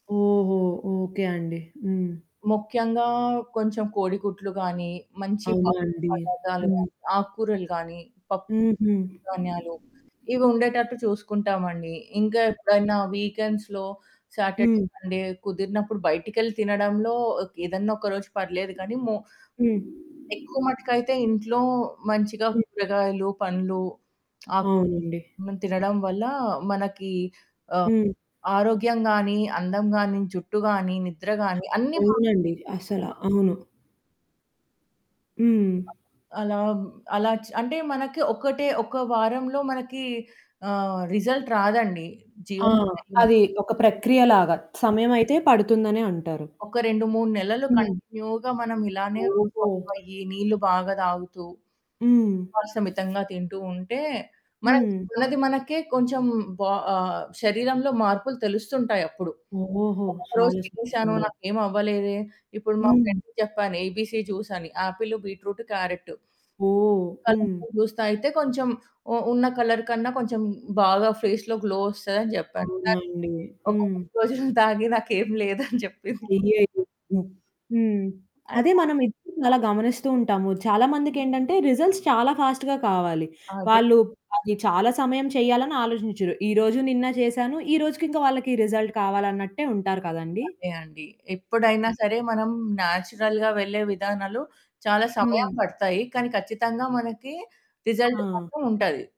ఓహో! ఓకే అండి. హ్మ్. ముఖ్యంగా కొంచెం కోడిగుడ్లు గాని, మంచి ప అవునా అండి. పదార్దాలు హ్మ్. గాని, ఆకూరలు గాని, పప్పు హుహు. ధాన్యాలు. ఇవి ఉండేటట్టు చూసుకుంటామండి. ఇంకా ఎప్పుడైనా వీక్‌ఎండ్స్‌లో సాటర్డే, హ్మ్. సండే కుదిరినప్పుడు, బయటికెళ్ళి తినడంలో ఏదన్నా ఒక రోజు పర్లేదు కానీ, మో హ్మ్. ఎక్కువ మట్టుకైతే ఇంట్లో మంచిగా హ్మ్. కూరగాయలు, పండ్లు. అక్ అవునండి. తినడం వల్ల మనకి ఆహ్, హ్మ్. ఆరోగ్యం గానీ, అందం గానీ, జుట్టు గానీ, నిద్ర గానీ, అన్నీ బావుం అవునండి. అసల. అవును. హ్మ్. అలా, హ్మ్, అలా చ అంటే, మనకి ఒకటే ఒక వారంలో మనకి ఆహ్, రిజల్ట్ రాదండి. ఆ! జీవన శైలి మ అది ఒక ప్రక్రియలాగా సమయమైతే పడుతుందనే అంటారు. ఒక 2, 3 నెలలు హ్మ్. కంటిన్యూగా మనం ఇలానే ఓహో! [unintelligible] నీళ్లు బాగా తాగుతూ, హ్మ్. మాంసం మితంగా తింటూ ఉంటే, మనది, హ్మ్. మనది మనకే కొంచెం బా ఆహ్, శరీరంలో మార్పులు తెలుస్తుంటాయి అప్పుడు. ఓహో! నేను ఒక రోజు చాలా సంతోషం తినేేశాను, అండి. నాకేమి అవ్వలేదే. ఇప్పుడు మా హ్మ్. ఫ్రెండ్‌కి చెప్పాను ఏబీసీ జూస్ అని, యాపిలు, బీట్రూటు, క్యారెటు. ఓహ్! హ్మ్. అల్లంతో జ్యూస్ తాగితే, కొంచెం ఉ ఉన్న కలర్ కన్నా కొంచెం, బాగా ఫేస్‌లో గ్లో ఒస్తదని జెప్పాను. తన్ అవునండి. ఒక హ్మ్. రోజున తాగి నాకేం లేదని చెప్పింది. అయ్యయ్యో! హ్మ్. అడ్ అదే మనం ఎప్పుడు అలా గమనిస్తూ ఉంటాము. చాలా మందికేంటంటే రిజల్ట్స్ చాలా ఫాస్ట్‌గా కావాలి. అదే. వాళ్ళు అది చాలా సమయం చేయాలని ఆలోచించరు. ఈరోజు, నిన్నా చేసాను. ఈ రోజుకి ఇంకా వాళ్ళకి రిజల్ట్ కావాలన్నట్టే ఉంటారు కదండి! అదే అండి. ఎప్పుడైనా ఆ! సరే, మనం న్యాచురల్‌గా వెళ్ళే విధానాలు చాలా సమయం హ్మ్. పడతాయి. కానీ ఖచ్చితంగా మనకి రిజల్ట్ ఆ! మాత్రం ఉంటది.